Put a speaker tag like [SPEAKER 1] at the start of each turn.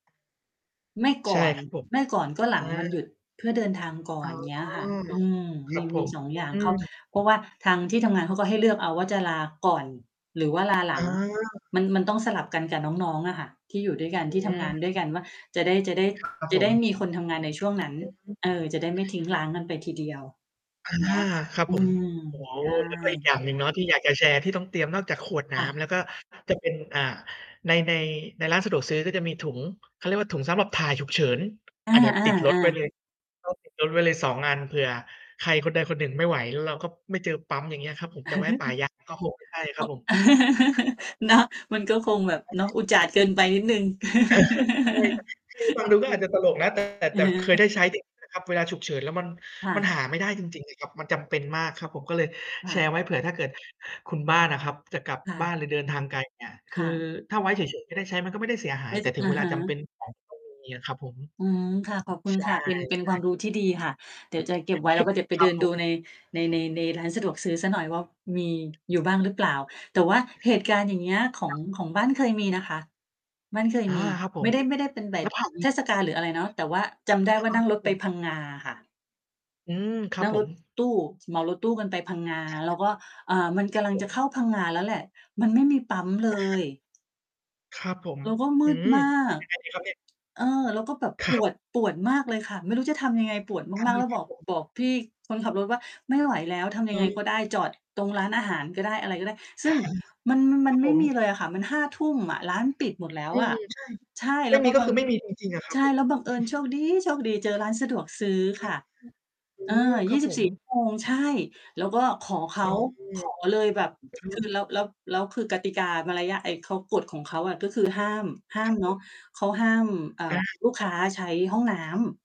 [SPEAKER 1] ไม่ก
[SPEAKER 2] ใช่
[SPEAKER 1] ่อน
[SPEAKER 2] ครับผม
[SPEAKER 1] ไม่ก่อนก็หล
[SPEAKER 2] อ่
[SPEAKER 1] ังวันหย
[SPEAKER 2] า
[SPEAKER 1] ุด เพื่อเดินทางก่
[SPEAKER 2] อ
[SPEAKER 1] อ
[SPEAKER 2] ๋อ
[SPEAKER 1] น อย่างเงี้ยค่ะ อืม
[SPEAKER 2] ค
[SPEAKER 1] ม
[SPEAKER 2] รั
[SPEAKER 1] ี
[SPEAKER 2] บผ
[SPEAKER 1] มี
[SPEAKER 2] ม
[SPEAKER 1] 2 อย่าง
[SPEAKER 2] อื
[SPEAKER 1] เขา
[SPEAKER 2] ม
[SPEAKER 1] เพราะว่าทางที่ทำงานเขาก็ให้เลือกเอาว่า จะลาก่อน หรือว่า ลาหลั
[SPEAKER 2] อ
[SPEAKER 1] ง
[SPEAKER 2] า
[SPEAKER 1] มัน มันต้องสลับกันกับน้อง ๆ อะค่ะ ที่อยู่ด้วยกันที่
[SPEAKER 2] อื
[SPEAKER 1] ทำงาน
[SPEAKER 2] ม
[SPEAKER 1] ด้วยกันว่า จะได้ จะได้
[SPEAKER 2] ครับ กระ
[SPEAKER 1] จ
[SPEAKER 2] ผ
[SPEAKER 1] ะได้
[SPEAKER 2] ม
[SPEAKER 1] มีคนทำงานในช่วงนั้น
[SPEAKER 2] อือฮึ
[SPEAKER 1] เออ จะได้ไม่ทิ้งร้าง กันไปทีเดียว
[SPEAKER 2] อา
[SPEAKER 1] อย่างเงี้ยค่ะ
[SPEAKER 2] ครับ
[SPEAKER 1] อื
[SPEAKER 2] ผม
[SPEAKER 1] ม
[SPEAKER 2] โอ้โฮ
[SPEAKER 1] ใช
[SPEAKER 2] แล้วก็อีกอ
[SPEAKER 1] ่
[SPEAKER 2] ย่างหนึ่งเนาะ ที่อยากจะแชร์ ที่ต้องเตรียมนอกจากขวดน
[SPEAKER 1] ค
[SPEAKER 2] ้
[SPEAKER 1] ่ะ
[SPEAKER 2] ำ แล้วก็ จะเป็น อ่า ใน ใน ในร้านสะดวกซื้อ ก็จะมีถุง เขาเรียกว่าถุงสำหรับถ่ายฉุกเฉิน
[SPEAKER 1] อ
[SPEAKER 2] อันเนี้ยติดรถ
[SPEAKER 1] า
[SPEAKER 2] ไว้
[SPEAKER 1] ๆ ๆ
[SPEAKER 2] เลย ต้องติด รถไว้เลย 2 อัน เผื่อใครคนใดคนหนึ่งไม่ไหว แล้วเราก็ไม่เจอปั๊ม อย่างเงี้ยครับผม จะแวะป่า ยาง ก็คงไม่ใช่คร
[SPEAKER 1] อ
[SPEAKER 2] ับผม
[SPEAKER 1] เนาะ มันก็คงแบบ
[SPEAKER 2] ใ
[SPEAKER 1] เนาะ
[SPEAKER 2] ช่
[SPEAKER 1] อุจาดเกินไปนิดหนึ่ง
[SPEAKER 2] อะฮะ ใช่ครับ คือฟังดูก็อาจจะตลก นะ แต่
[SPEAKER 1] อื
[SPEAKER 2] แต
[SPEAKER 1] อ
[SPEAKER 2] ่
[SPEAKER 1] ฮ
[SPEAKER 2] เคย
[SPEAKER 1] ึ
[SPEAKER 2] ได้ใช้ นะ ครับ เวลาฉุกเฉิน แล้วมัน
[SPEAKER 1] ค่
[SPEAKER 2] มัน
[SPEAKER 1] ะ
[SPEAKER 2] หาไม่ได้จริง ๆ เลยครับ มันจำเป็นมากครับผม ก็เลย
[SPEAKER 1] ค
[SPEAKER 2] แ
[SPEAKER 1] ่
[SPEAKER 2] ช
[SPEAKER 1] ะ
[SPEAKER 2] ร์ไว้ เผื่อถ้าเกิดคุณบ้านอะครับ จะกลับ
[SPEAKER 1] ค่
[SPEAKER 2] บ้า
[SPEAKER 1] ะ
[SPEAKER 2] นเลยเดินทางไกล เงี้ย ค
[SPEAKER 1] ค
[SPEAKER 2] ื
[SPEAKER 1] ่
[SPEAKER 2] อ
[SPEAKER 1] ะ
[SPEAKER 2] ถ้าไว้เฉย ๆ ไม่ได้ใช้ มันก็ไม่ได้เสียหา
[SPEAKER 1] ไ
[SPEAKER 2] ย
[SPEAKER 1] ม่
[SPEAKER 2] แต่
[SPEAKER 1] ส
[SPEAKER 2] ถึ
[SPEAKER 1] อ
[SPEAKER 2] งเ
[SPEAKER 1] ะ
[SPEAKER 2] วล
[SPEAKER 1] ฮ
[SPEAKER 2] าจำเป
[SPEAKER 1] ะ
[SPEAKER 2] ็นของต้องมีอะครับผม
[SPEAKER 1] อืม ค่ะ ขอบคุ
[SPEAKER 2] ใ
[SPEAKER 1] ณ
[SPEAKER 2] ช่
[SPEAKER 1] ค่ะ เป็น เป็นความรู้ที่ดีค่ะ เดี๋ยวจะเก็บไว
[SPEAKER 2] ๆ
[SPEAKER 1] ้ แล้วก็เดี๋ยวไป
[SPEAKER 2] คร
[SPEAKER 1] เ
[SPEAKER 2] ั
[SPEAKER 1] ด
[SPEAKER 2] บ
[SPEAKER 1] ิน
[SPEAKER 2] ผ
[SPEAKER 1] ดู
[SPEAKER 2] ม
[SPEAKER 1] ใน ใน ใน ในร้านสะดวกซื้อสักหน่อยว่า มี อยู่บ้างหรือเปล่า แต่ว่าเหตุการณ์ อย่างเงี้ย ขอ
[SPEAKER 2] ค
[SPEAKER 1] ง
[SPEAKER 2] รับ
[SPEAKER 1] ของบ้านเคยมีนะคะ บ้านเคย
[SPEAKER 2] อา
[SPEAKER 1] มี
[SPEAKER 2] ครับผ
[SPEAKER 1] ไม
[SPEAKER 2] ม
[SPEAKER 1] ่ได้ ไม่ได้เป็นแบ
[SPEAKER 2] น
[SPEAKER 1] บ
[SPEAKER 2] ้าผัน
[SPEAKER 1] เทศกาล หรืออะไรเนาะ แต่ว่าจำได้
[SPEAKER 2] อา
[SPEAKER 1] ว่า
[SPEAKER 2] ครั
[SPEAKER 1] นั่งร
[SPEAKER 2] บ
[SPEAKER 1] ถ
[SPEAKER 2] ผ
[SPEAKER 1] ไป
[SPEAKER 2] ม
[SPEAKER 1] พังงาค่ะ
[SPEAKER 2] อืม ครั
[SPEAKER 1] น
[SPEAKER 2] บ
[SPEAKER 1] ั่ง
[SPEAKER 2] ผ
[SPEAKER 1] ร
[SPEAKER 2] ม
[SPEAKER 1] ถตู้ เหมารถตู้กันไปพังงา
[SPEAKER 2] อา
[SPEAKER 1] แล้วก็ อ่า มัน
[SPEAKER 2] ค
[SPEAKER 1] ก
[SPEAKER 2] รั
[SPEAKER 1] ำล
[SPEAKER 2] บ
[SPEAKER 1] ัง
[SPEAKER 2] ผ
[SPEAKER 1] จะเข้
[SPEAKER 2] ม
[SPEAKER 1] าพังงาแล้วแหละ มันไม่มีปั๊มเล
[SPEAKER 2] อา
[SPEAKER 1] ย
[SPEAKER 2] ครับผม
[SPEAKER 1] แล้วก็ม
[SPEAKER 2] อื
[SPEAKER 1] ืด
[SPEAKER 2] ม
[SPEAKER 1] มา
[SPEAKER 2] ท
[SPEAKER 1] ก
[SPEAKER 2] ำยังไงดีครับเนี่ย?
[SPEAKER 1] เออ แล้วก็แบบ
[SPEAKER 2] ค
[SPEAKER 1] ป
[SPEAKER 2] รับ
[SPEAKER 1] วด ปวดมากเลยค่ะ ไม่รู้จะทำยังไง ปวด
[SPEAKER 2] อา
[SPEAKER 1] มาก ๆ แล้ว
[SPEAKER 2] คร
[SPEAKER 1] บ
[SPEAKER 2] ับ
[SPEAKER 1] อก
[SPEAKER 2] ผม
[SPEAKER 1] บอกพี่คนขับรถว่า "ไม่ไหวแล้ว ทำยั
[SPEAKER 2] อื
[SPEAKER 1] งไง
[SPEAKER 2] ม
[SPEAKER 1] ก็ได้ จอดตรงร้านอาหารก็ได้" อะไรก็ได้ ซ
[SPEAKER 2] อ
[SPEAKER 1] ึ่
[SPEAKER 2] า
[SPEAKER 1] งมัน ม
[SPEAKER 2] ค
[SPEAKER 1] ั
[SPEAKER 2] รั
[SPEAKER 1] น
[SPEAKER 2] บ
[SPEAKER 1] ไ
[SPEAKER 2] ผ
[SPEAKER 1] ม่
[SPEAKER 2] ม
[SPEAKER 1] มีเลยอะค่ะ มัน 23:00 อะ ร้านปิดหมดแล้ว
[SPEAKER 2] อื
[SPEAKER 1] อะ
[SPEAKER 2] ม ใช่
[SPEAKER 1] ใช่
[SPEAKER 2] ไ
[SPEAKER 1] แ
[SPEAKER 2] ม
[SPEAKER 1] ล
[SPEAKER 2] ่
[SPEAKER 1] ้ว
[SPEAKER 2] ม
[SPEAKER 1] ก
[SPEAKER 2] ี
[SPEAKER 1] ็
[SPEAKER 2] ก็
[SPEAKER 1] บั
[SPEAKER 2] คื
[SPEAKER 1] ง
[SPEAKER 2] อไม่มีจริง ๆ อะ ครั
[SPEAKER 1] ใ
[SPEAKER 2] บ
[SPEAKER 1] ช่
[SPEAKER 2] ผม
[SPEAKER 1] แล้วบังเอิญโชคดี๊โชคดีเจอร้านสะดวกซื้อ
[SPEAKER 2] อื
[SPEAKER 1] ค่
[SPEAKER 2] อ
[SPEAKER 1] ะ
[SPEAKER 2] อื
[SPEAKER 1] เออ
[SPEAKER 2] ม ค
[SPEAKER 1] ย
[SPEAKER 2] ร
[SPEAKER 1] ี
[SPEAKER 2] ั
[SPEAKER 1] ่
[SPEAKER 2] บ
[SPEAKER 1] สิ
[SPEAKER 2] ผ
[SPEAKER 1] บส
[SPEAKER 2] ม
[SPEAKER 1] ี่ ชั่วโมง ใช่ แล้วก็ขอ เข
[SPEAKER 2] อ
[SPEAKER 1] า
[SPEAKER 2] ๋อ
[SPEAKER 1] ขอเลยแบบ
[SPEAKER 2] อะฮ
[SPEAKER 1] ค
[SPEAKER 2] ะ
[SPEAKER 1] ือแล้ว แล้ว แล้วคือกติกามารยาท ไอ้เขา กฎของเขาอะ ก็คือ ห้าม ห้า
[SPEAKER 2] ค
[SPEAKER 1] ม
[SPEAKER 2] รับ
[SPEAKER 1] เน
[SPEAKER 2] ผ
[SPEAKER 1] าะ
[SPEAKER 2] ม
[SPEAKER 1] เขาห้าม อ่า
[SPEAKER 2] อา
[SPEAKER 1] ลูกค้าใช้ห้องน้ำ